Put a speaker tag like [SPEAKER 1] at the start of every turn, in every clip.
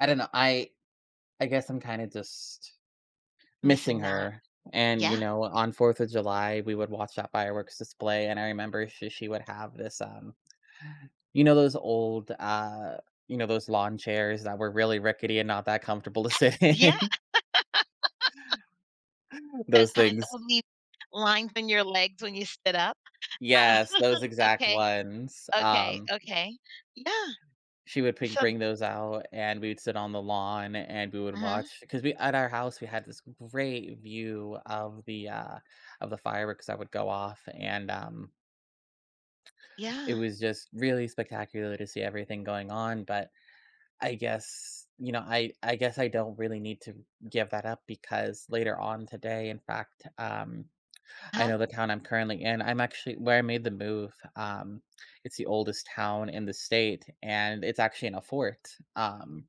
[SPEAKER 1] I don't know, I I guess I'm kinda just missing
[SPEAKER 2] Missing that.
[SPEAKER 1] her. And, you
[SPEAKER 2] Yeah.
[SPEAKER 1] know, on fourth of July, we would watch that fireworks display, and I remember she she would have this, um, you know, those old, uh, you know, those lawn chairs that were really rickety and not that comfortable to sit
[SPEAKER 2] Yeah.
[SPEAKER 1] in?
[SPEAKER 2] The
[SPEAKER 1] Those
[SPEAKER 2] kind that
[SPEAKER 1] things.
[SPEAKER 2] will leave lines in your legs when you stood up? Oh,
[SPEAKER 1] Yes, those exact
[SPEAKER 2] okay.
[SPEAKER 1] ones,
[SPEAKER 2] Okay,
[SPEAKER 1] um
[SPEAKER 2] okay, yeah.
[SPEAKER 1] She would ping
[SPEAKER 2] So
[SPEAKER 1] bring those out and we'd sit on the lawn and we would
[SPEAKER 2] Mhm.
[SPEAKER 1] watch 'cause we at our house, we had this great view of the, uh of the fireworks that would go off, and, um it
[SPEAKER 2] Yeah.
[SPEAKER 1] was just really spectacular to see everything going on, but. I guess you know, I I guess I don't really need to give that up because later on today, in fact, um I
[SPEAKER 2] Uh-huh.
[SPEAKER 1] know the town I'm currently in I'm actually where I made the move, um, it's the oldest town in the state and it's actually in a fort, um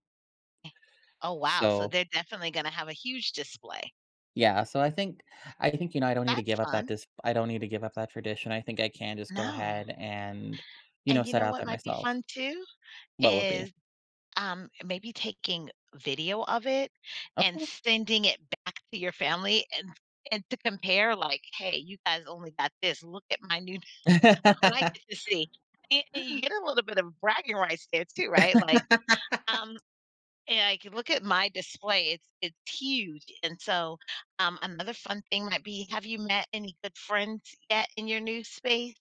[SPEAKER 2] Oh wow, so
[SPEAKER 1] So
[SPEAKER 2] they're definitely gonna have a huge display.
[SPEAKER 1] Yeah, so I think I think, you know, I don't need to
[SPEAKER 2] That's
[SPEAKER 1] give up that
[SPEAKER 2] fun.
[SPEAKER 1] dis I don't need to give up that tradition. I think I can just go
[SPEAKER 2] No.
[SPEAKER 1] ahead and, you know,
[SPEAKER 2] And you
[SPEAKER 1] set
[SPEAKER 2] know
[SPEAKER 1] out
[SPEAKER 2] what
[SPEAKER 1] there
[SPEAKER 2] might be
[SPEAKER 1] myself.
[SPEAKER 2] fun too?
[SPEAKER 1] What would be?
[SPEAKER 2] Is, um, and maybe taking video of it and
[SPEAKER 1] Okay.
[SPEAKER 2] sending it back to your family and and to compare like, "Hey, you guys only got this, look at my new Look what I get to see." And and you get a little bit of bragging rights there too, right? Like, um, "Eh, I can look at my display, it's it's huge." And so, um, another fun thing might be have you met any good friends yet in your new space?